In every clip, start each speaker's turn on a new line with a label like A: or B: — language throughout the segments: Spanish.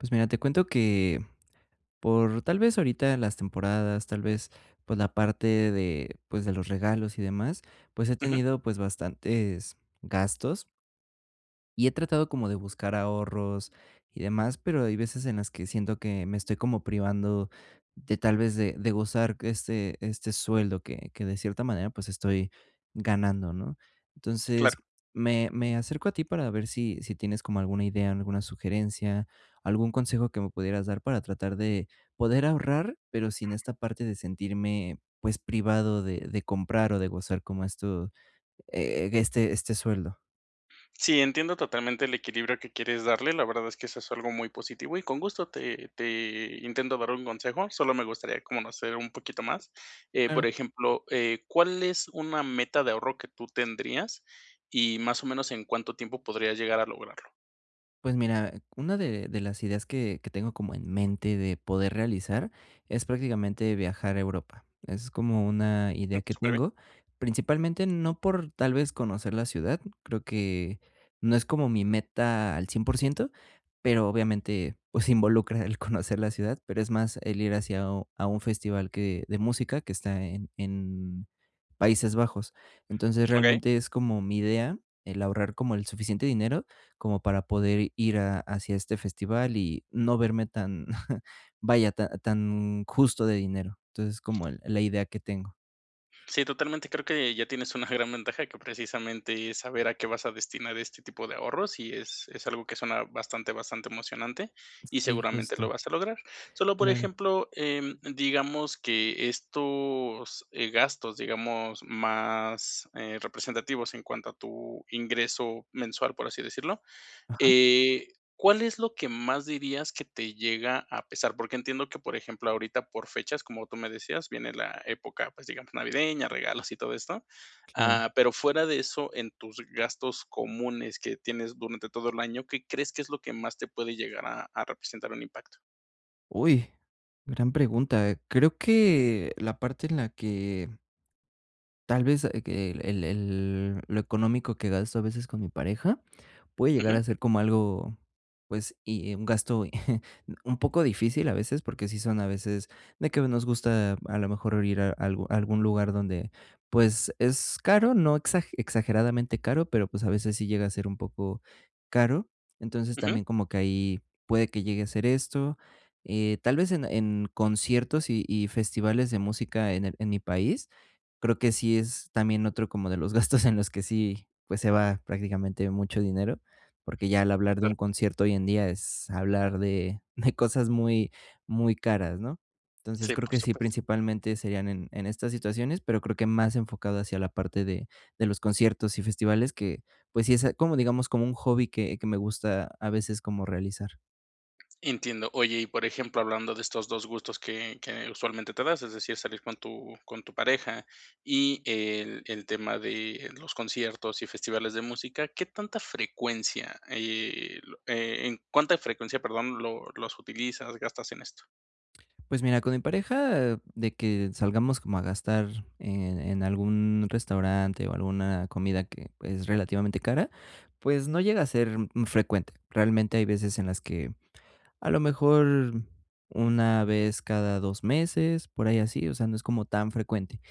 A: Pues, mira, te cuento que por, tal vez, ahorita las temporadas, tal vez, pues, la parte de, pues, de los regalos y demás, pues, he
B: Ujú.
A: tenido, pues, bastantes gastos. Y he tratado como de buscar ahorros y demás, pero hay veces en las que siento que me estoy como privando de, tal vez, de de gozar que esté este sueldo que que, de cierta manera, pues, estoy ganando, ¿no? Entonces,
B: Claro.
A: me me acerco a ti para ver si si tienes como alguna idea, alguna sugerencia, algún consejo que me pudieras dar para tratar de poder ahorrar, pero sin esta parte de sentirme, pues, privado de de comprar o de gozar, como esto, eh, este este sueldo.
B: Sí, entiendo totalmente el equilibrio que quieres darle. La verdad es que eso es algo muy positivo, y con gusto te te intento dar un consejo, solo me gustaría conocer un poquito más. Eh,
A: Claro.
B: por ejemplo, eh, ¿cuál es una meta de ahorro que tú tendrías y más o menos en cuánto tiempo podrías llegar a lograrlo?
A: Pues, mira, una de de las ideas que que tengo como en mente de poder realizar es, prácticamente, viajar a Europa. Es como una
B: Mm,
A: idea que
B: superbién.
A: tengo, principalmente, no por, tal vez, conocer la ciudad, creo que no es como mi meta al 100%, pero, obviamente, pues, involucra el conocer la ciudad, pero es más el ir hacia a un a un festival que de música que está en en Países Bajos. Entonces,
B: Okey.
A: realmente, es como mi idea el ahorrar como el suficiente dinero como para poder ir a hacia este festival y no verme tan, vaya, ta tan justo de dinero. Entonces, es como el la idea que tengo.
B: Sí, totalmente, creo que ya tienes una gran ventaja, que precisamente es saber a qué vas a destinar este tipo de ahorros, y es es algo que suena bastante, bastante emocionante, y
A: Sí,
B: seguramente lo
A: justo.
B: vas a lograr. Solo, por
A: Claro.
B: ejemplo, em, digamos que estos, eh, gastos, digamos, más, eh, representativos en cuanto a tu ingreso mensual, por así decirlo,
A: Ajá.
B: eh, ¿cuál es lo que más dirías que te llega a pesar? Porque entiendo que, por ejemplo, ahorita, por fechas, como tú me decías, viene la época, pues, digamos, navideña, regalos y todo esto.
A: Claro.
B: Ah, pero fuera de eso, en tus gastos comunes que tienes durante todo el año, ¿qué crees que es lo que más te puede llegar a a representar un impacto?
A: Uy, gran pregunta. Creo que la parte en la que tal vez, ah, que el el lo económico que gasto a veces con mi pareja, puede llegar
B: Ujú.
A: a ser como algo, pues, y y un gasto un poco difícil, a veces, porque sí son a veces, de que nos gusta a lo mejor ir a algu algún lugar donde, pues, es caro, no exag exageradamente caro, pero, pues, a veces, sí llega a ser un poco caro. Entonces,
B: Ujú.
A: también como que ahí puede que llegue a ser esto. Eh, tal vez, en en conciertos, y y festivales de música en el en mi país, creo que sí es también otro como de los gastos en los que sí, pues, se va prácticamente mucho dinero, porque ya al hablar de
B: Claro.
A: un concierto hoy en día, es hablar de de cosas muy, muy caras, ¿no? Entonces,
B: Sí,
A: creo
B: por
A: que sí,
B: supuesto.
A: principalmente, serían en en estas situaciones, pero creo que más enfocado hacia la parte de de los conciertos y festivales que, pues, sí es como, digamos, como un hobby que que me gusta a veces como realizar.
B: Entiendo. Oye, y por ejemplo, hablando de estos 2 gustos que que usualmente te das, es decir, salir con tu con tu pareja, y el el tema de los conciertos y festivales de música. ¿Qué tanta frecuencia, eh, lo en cuánta frecuencia, perdón, lo los utilizas, gastas en esto?
A: Pues, mira, con mi pareja, de que salgamos como a gastar en en algún restaurante, o alguna comida que, pues, relativamente, cara, pues, no llega a ser frecuente. Realmente, hay veces en las que, a lo mejor, una vez cada 2 meses, por ahí así, o sea, no es como tan frecuente.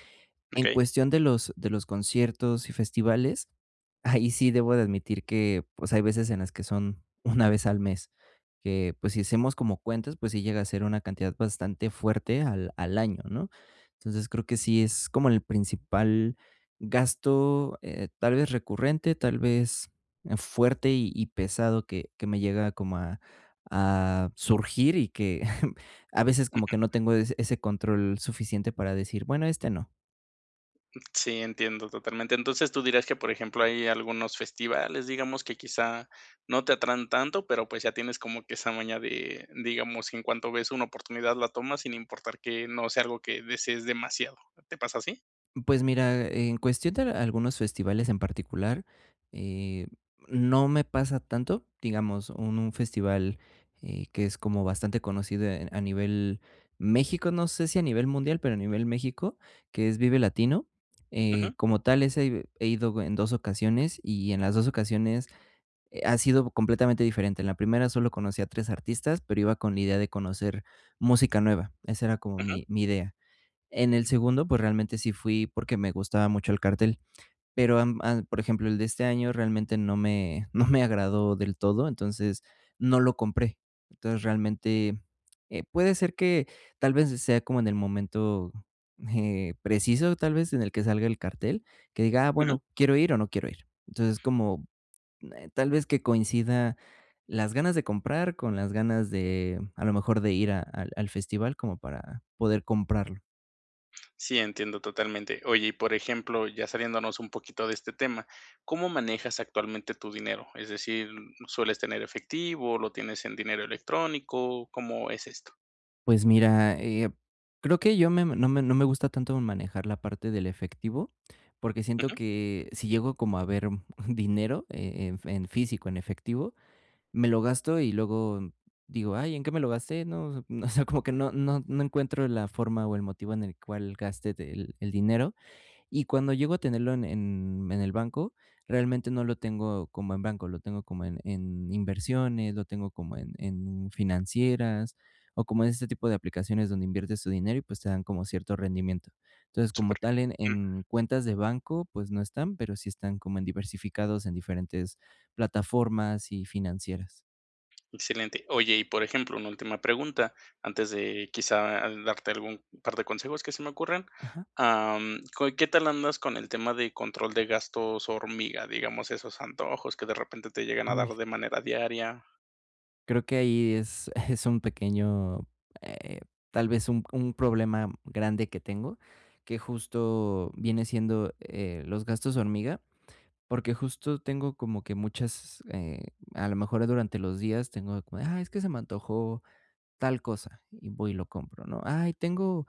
A: En
B: Okey.
A: cuestión de los de los conciertos y festivales, ahí sí debo de admitir que, pues, hay veces en las que son 1 vez al mes, que, pues, si hacemos como cuentas, pues, sí llega a ser una cantidad bastante fuerte al al año, ¿no? Entonces, creo que sí es como el principal gasto, eh, tal vez, recurrente, tal vez, fuerte, y y pesado que que me llega como a a surgir, y que, a veces, como que no
B: Ujú.
A: tengo ese ese control suficiente para decir: "Bueno, este no".
B: Sí, entiendo totalmente. Entonces, tú dirás que, por ejemplo, hay algunos festivales, digamos, que quizá no te atraen tanto, pero, pues, ya tienes como que esa maña de, digamos, en cuanto ves una oportunidad la tomas, sin importar que no sea algo que desees demasiado. ¿Te pasa así?
A: Pues, mira, en cuestión de algunos festivales en particular, eh, no me pasa tanto, digamos, un festival, eh, que es como bastante conocido a nivel México, no sé si a nivel mundial, pero a nivel México, que es Vive Latino, eh,
B: Ujú.
A: como tal ese he he ido en 2 ocasiones y en las 2 ocasiones ha sido completamente diferente. En la primera solo conocí a 3 artistas, pero iba con la idea de conocer música nueva, esa era como
B: Ujú.
A: mi mi idea. En el segundo, pues, realmente sí fui porque me gustaba mucho el cartel. Pero, am, a por ejemplo, el de este año realmente no me no me agradó del todo, entonces, no lo compré. Entonces, realmente, eh, puede ser que tal vez sea como en el momento, eh, preciso, tal vez, en el que salga el cartel, que diga, ah,
B: Ujú.
A: bueno, quiero ir o no quiero ir. Entonces, como tal vez que coincida las ganas de comprar con las ganas de, a lo mejor, de ir a al al festival como para poder comprarlo.
B: Sí, entiendo totalmente. Oye, y por ejemplo, ya saliéndonos un poquito de este tema, ¿cómo manejas actualmente tu dinero? Es decir, ¿sueles tener efectivo, lo tienes en dinero electrónico? ¿Cómo es esto?
A: Pues, mira, eh, creo que yo me no me no me gusta tanto manejar la parte del efectivo, porque siento
B: Ujú.
A: que si llego como a ver un un dinero, eh eh, en en físico, en efectivo, me lo gasto y luego digo: "Ay, ¿en qué me lo gasté, no?" O sea, como que no no no encuentro la forma o el motivo en el cual gaste del el dinero. Y cuando llego a tenerlo en en en el banco, realmente, no lo tengo como en banco, lo tengo como en en inversiones, lo tengo como en en financieras o como en ese tipo de aplicaciones donde inviertes tu dinero y, pues, te dan como cierto rendimiento. Entonces, como
B: Súper,
A: tal, en
B: mm.
A: en cuentas de banco, pues, no están, pero sí están como en diversificados en diferentes plataformas y financieras.
B: Excelente. Oye, y por ejemplo, una última pregunta, antes de quizá, ah, darte algún par de consejos que se me ocurren,
A: Ajá.
B: am, ¿cua qué tal andas con el tema de control de gastos hormiga? Digamos, esos antojos que, de repente, te llegan a dar
A: Uy.
B: de manera diaria.
A: Creo que ahí es es un pequeño, eh, tal vez un un problema grande que tengo, que justo viene siendo, eh, los gastos hormiga, porque justo tengo como que muchas, eh, a lo mejor, durante los días tengo de como de, ay, es que se me antojó tal cosa y voy y lo compro, ¿no? Ay, tengo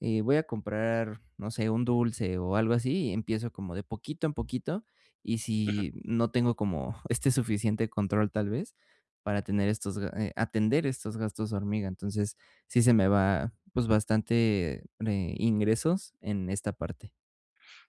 A: Eh, voy a comprar, no sé, un dulce o algo así, y empiezo como de poquito en poquito, y
B: Ujú.
A: si no tengo como este suficiente control, tal vez, para tener estos, a eh, atender estos gastos hormiga. Entonces, sí se me va, pues, bastante, ne ingresos en esta parte.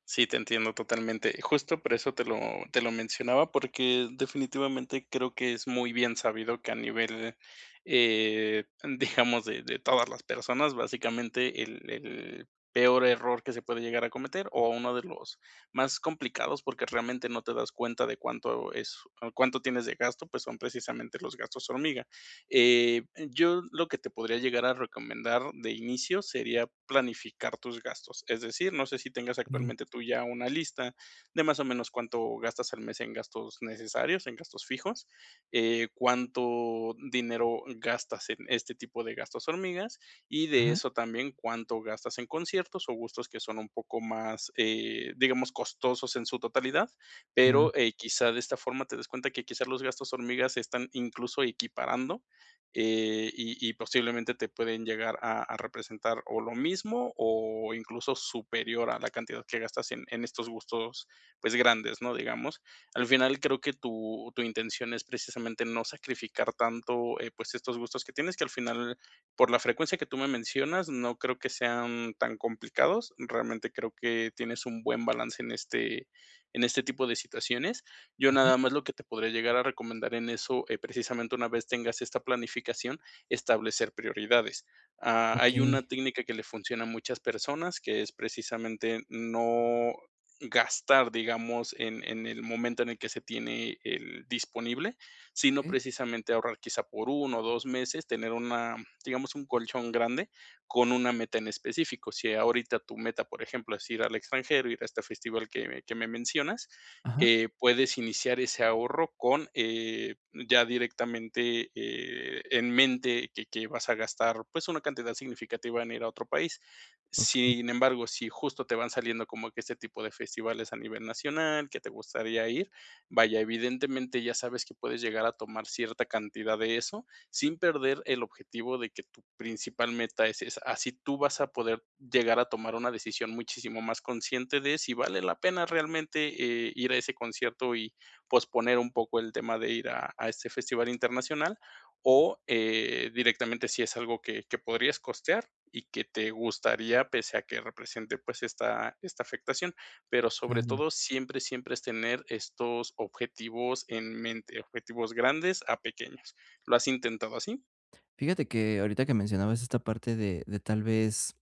B: Sí, te entiendo totalmente. Y justo por eso te lo te lo mencionaba, porque definitivamente creo que es muy bien sabido que a nivel, eh, digamos, de de todas las personas, básicamente, el el peor error que se puede llegar a cometer, o uno de los más complicados, porque realmente no te das cuenta de cuánto es cuánto tienes de gasto, pues son precisamente los gastos hormiga. Eh, yo lo que te podría llegar a recomendar de inicio sería planificar tus gastos, es decir, no sé si tengas
A: E
B: actualmente tú ya una lista de de más o menos cuánto gastas al mes en gastos necesarios, en gastos fijos, eh, cuánto dinero gastas en este tipo de gastos hormiga, y de
A: Ajá.
B: eso también cuánto gastas en conciertos o gustos que son un poco más, eh, digamos, costosos en su totalidad.
A: Ah.
B: Pero quizá, eh, de esta forma te des cuenta que quizás los gastos hormiga están incluso equiparando, eh, y y posiblemente te pueden llegar a a representar o lo mismo o incluso superior a la cantidad que gastas en en estos gustos, pues, grandes, ¿no? Digamos, al final, creo que tu tu intención es precisamente no sacrificar tanto, eh, pues estos gustos que tienes, que al final, por la frecuencia que tú me mencionas, no creo que sean tan complicados. Realmente creo que tienes un buen balance en este en este tipo de situaciones. Yo
A: Ujú.
B: nada más lo que te podría llegar a recomendar en eso, eh, precisamente una vez tengas esta planificación, establecer prioridades. Ha hay una
A: Okey.
B: técnica que le funciona a muchas personas, que es precisamente no gastar, digamos, en en el momento en el que se tiene el disponible, sino
A: Eh.
B: precisamente ahorrar quizá por 1 o 2 meses, tener una, digamos, un colchón grande con una meta en específico. Si ahorita tu meta, por ejemplo, es ir al extranjero, ir a este festival que que me mencionas,
A: Ajá.
B: eh, puedes iniciar ese ahorro con, eh, ya directamente, eh, en mente que que vas a gastar, pues, una cantidad significativa en ir a otro país.
A: Okey.
B: Sin embargo, si justo te van saliendo como que este tipo de festivales a nivel nacional, que te gustaría ir, vaya, evidentemente ya sabes que puedes llegar a tomar cierta cantidad de eso, sin perder el objetivo de que tu principal meta es esa. Así tú vas a poder llegar a tomar una decisión muchísimo más consciente de si vale la pena realmente, eh, ir a ese concierto y posponer un poco el tema de ir a a este festival internacional, o, eh, directamente si es algo que que podrías costear y que te gustaría pese a que represente, pues, esta esta afectación. Pero sobre
A: Claro.
B: todo, siempre, siempre es tener estos objetivos en mente, objetivos grandes a pequeños. ¿Lo has intentado así?
A: Fíjate que ahorita que mencionabas esta parte de de tal vez,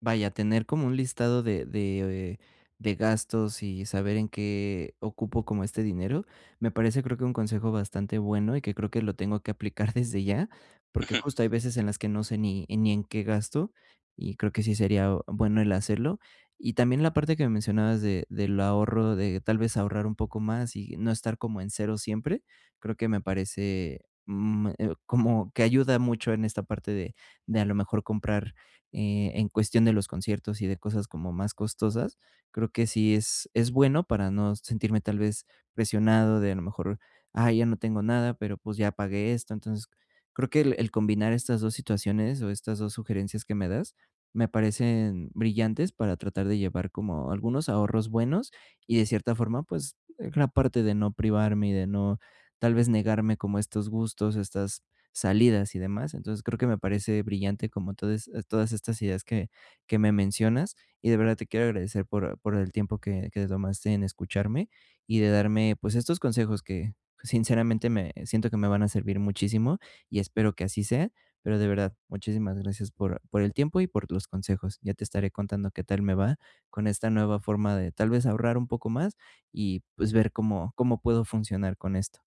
A: vaya, tener como un listado de de de gastos y saber en qué ocupo como este dinero. Me parece, creo, que un consejo bastante bueno y que creo que lo tengo que aplicar desde ya, porque
B: Ujú.
A: justo hay veces en las que no sé ni en ni en qué gasto y creo que sí sería bueno el hacerlo. Y también la parte que me mencionabas de del ahorro, de tal vez ahorrar un poco más y no estar como en 0 siempre, creo que me parece, mm, como que ayuda mucho en esta parte de de, a lo mejor, comprar e en cuestión de los conciertos y de cosas como más costosas. Creo que sí es es bueno para no sentirme tal vez presionado de, a lo mejor, ay, ya no tengo nada, pero pues ya pagué esto. Entonces, creo que el el combinar estas 2 situaciones o estas 2 sugerencias que me das, me parecen brillantes para tratar de llevar como algunos ahorros buenos y, de cierta forma, pues, la parte de no privarme y de no, tal vez, negarme como estos gustos, estas salidas y demás. Entonces, creo que me parece brillante como todas estas ideas que que me mencionas, y de verdad te quiero agradecer por por el tiempo que que te tomaste en escucharme y de darme, pues, estos consejos que, sinceramente, me siento que me van a servir muchísimo y espero que así sea, pero, de verdad, muchísimas gracias por por el tiempo y por tus consejos. Ya te estaré contando qué tal me va con esta nueva forma de, tal vez, ahorrar un poco más y, pues, ver cómo cómo puedo funcionar con esto.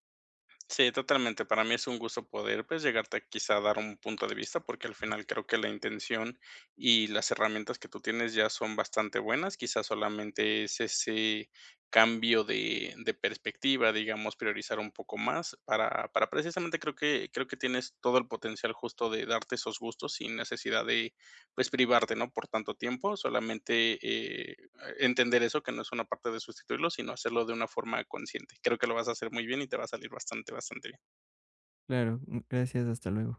B: Sí, totalmente. Para mí es un gusto poder, pues, llegarte quizá a dar un punto de vista, porque al final creo que la intención y las herramientas que tú tienes ya son bastante buenas. Quizás solamente es ese cambio de de perspectiva, digamos, priorizar un poco más para para precisamente, creo que creo que tienes todo el potencial justo de darte esos gustos sin necesidad de, pues, privarte, ¿no?, por tanto tiempo. Solamente, eh, entender eso, que no es una parte de sustituirlo, sino hacerlo de una forma consciente. Creo que lo vas a hacer muy bien y te va a salir bastante, bastante bien.
A: Claro. M Gracias, hasta luego.